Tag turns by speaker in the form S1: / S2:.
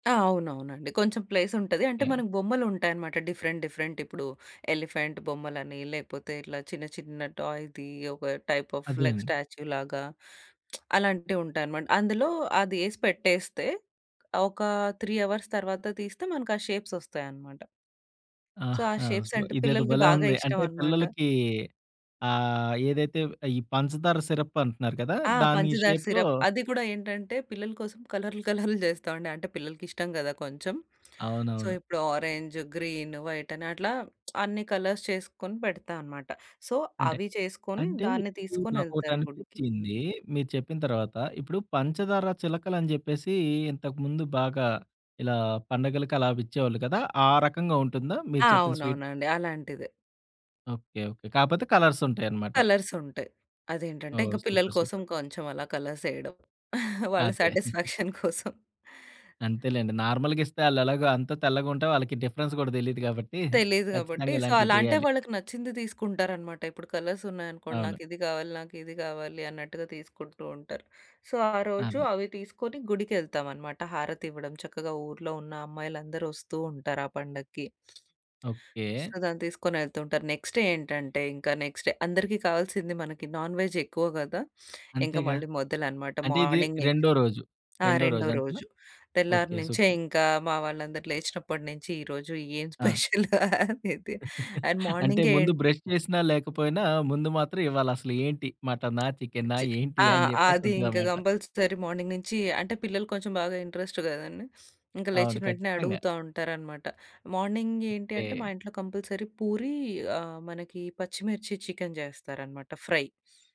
S1: ఆ! అవునవునండి. కొంచెం ప్లేస్ ఉంటది. అంటే
S2: తేం
S1: మనకు బొమ్మలుంటాయనమాట డిఫరెంట్, డిఫరెంట్. ఇప్పుడు ఎలిఫెంట్ బొమ్మలని, లేకపోతే ఇట్లా చిన్న చిన్న టాయ్‌ది ఒక టైప్ ఆఫ్
S2: అదేన్
S1: లైక్ స్టాచ్యూలాగా అలాంటివి ఉంటాయనమాట. అందులో అది ఏసి పెట్టేస్తే ఒక 3 అవర్స్ తర్వాత తీస్తే మనకి ఆ షేప్స్ వస్తాయనమాట. సో,
S2: ఆహ్,
S1: ఆ షేప్స్
S2: [unintelligible]
S1: అంటే
S2: ఇదేదో
S1: పిల్లలకి
S2: భలే
S1: బాగా
S2: ఉంది.
S1: ఇష్టం
S2: అంటే
S1: అనమాట.
S2: పిల్లలకి ఆహ్, ఏదైతే ఈ పంచదార సిరప్ అంటున్నారు కదా!
S1: ఆ!
S2: దాన్ని ఈ
S1: పంచదార
S2: షేప్‌లో
S1: సిరప్. అది కూడా ఏంటంటే పిల్లల కోసం కలర్‌లు, కలర్‌లు జేస్తామండి. అంటే పిల్లలకిష్టం గదా కొంచెం. సో,
S2: అవునవును.
S1: ఇప్పుడు ఆరంజ్, గ్రీన్, వైట్ అని అట్లా అన్నీ కలర్స్ చేసుకొని పెడతా అనమాట. సో,
S2: అంటే
S1: అవి చేసుకొని
S2: అంటే
S1: దాన్ని
S2: ఇప్పుడు నాకోటి
S1: తీసుకొనెళ్తారు గుడికి.
S2: అనిపిచ్చింది మీరు చెప్పిన తర్వాత. ఇప్పుడు, పంచదార చిలకలు అని జెప్పేసి ఇంతకు ముందు బాగా ఇలా పండగలకి అలా విచ్చేవాళ్ళు కదా! ఆ రకంగా ఉంటుందా మీరు
S1: ఆ!
S2: చెప్పిన స్వీట్?
S1: అవునవునండి. అలాంటిదే.
S2: ఓకె. ఓకె. కాపోతే కలర్స్ ఉంటాయనమాట.
S1: కలర్స్ ఉంటయి. అదేంటంటే
S2: ఓహ్!
S1: ఇంక పిల్లల
S2: సూపర్.
S1: కోసం
S2: సూపర్.
S1: కొంచెం అలా కలర్స్ ఏయడం. వాళ్ళ
S2: అదే.
S1: సాటిస్‌ఫాక్షన్ కోసం.
S2: అంతేలెండి. నార్మల్‌గా ఇస్తే ఆళ్ళెలాగో అంతా తెల్లగుంటే వాళ్ళకి డిఫరెన్స్ గూడా దెలీదు గాబట్టి
S1: తెలీదు గాబట్టి
S2: ఖచ్చితంగా
S1: సో,
S2: ఇలాంటియి
S1: అలా అంటే
S2: జెయ్యాలి.
S1: వాళ్ళకి నచ్చింది తీసుకుంటారనమాట. ఇప్పుడు కలర్స్ ఉన్నాయనుకోండి,
S2: అవును.
S1: "నాకిది గావాలి, నాకిది గావాలి" అన్నట్టుగా తీసుకుంటూ ఉంటారు. సో, ఆ రోజు
S2: అదే.
S1: అవి తీసుకొని గుడికెళ్తాం అనమాట. హారతివ్వడం, చక్కగా ఊర్లో ఉన్న అమ్మాయిలందరూ ఒస్తూ ఉంటారు ఆ పండక్కి. So,
S2: okay.
S1: దాన్ని తీసుకొనేళ్తూ ఉంటారు. నెక్స్ట్ ఏంటంటే ఇంక నెక్స్ట్ డే అందరికి కావాల్సింది మనకి నాన్ వెజ్ ఎక్కువ గదా! ఇంక
S2: అంతేగా.
S1: మళ్ళీ మొదలనమాట.
S2: అంటే ఇది
S1: మార్నింగ్ నించి.
S2: రెండో రోజు.
S1: ఆ!
S2: రెండో
S1: రెండో
S2: రోజు అంతేనా?
S1: రోజు. తెల్లారి
S2: ఓకె.
S1: నించే
S2: సూపర్.
S1: ఇంకా మా వాళ్ళందరూ లేచినప్పటి నించి ఈ రోజు ఏం
S2: ఆ!
S1: స్పెషల్? అనేది అండ్
S2: అంటే
S1: మార్నింగే
S2: ముందు
S1: ఏన్
S2: బ్రష్ చేసినా లేకపోయినా ముందు మాత్రం ఇవాళ అసలు ఏంటి? మటనా? చికెనా?
S1: చి
S2: ఏంటి?
S1: ఆ!
S2: అని జెప్పేసి
S1: అది ఇంక
S2: ఉంటదనమాట.
S1: కంపల్సరీ మార్నింగ్ నించి. అంటే పిల్లలు కొంచెం బాగా ఇంట్రెస్ట్ గదండీ. ఇంక
S2: అవును.
S1: లేచిన వెంటనే
S2: ఖచ్చితంగా!
S1: అడుగుతా ఉంటారనమాట. మార్నింగ్ ఏంటి
S2: ఓకే.
S1: అంటే మా ఇంట్లో కంపల్సరీ పూరీ ఆహ్, మనకి పచ్చిమిర్చి చికెన్ జేస్తారన‌మాట ఫ్రై.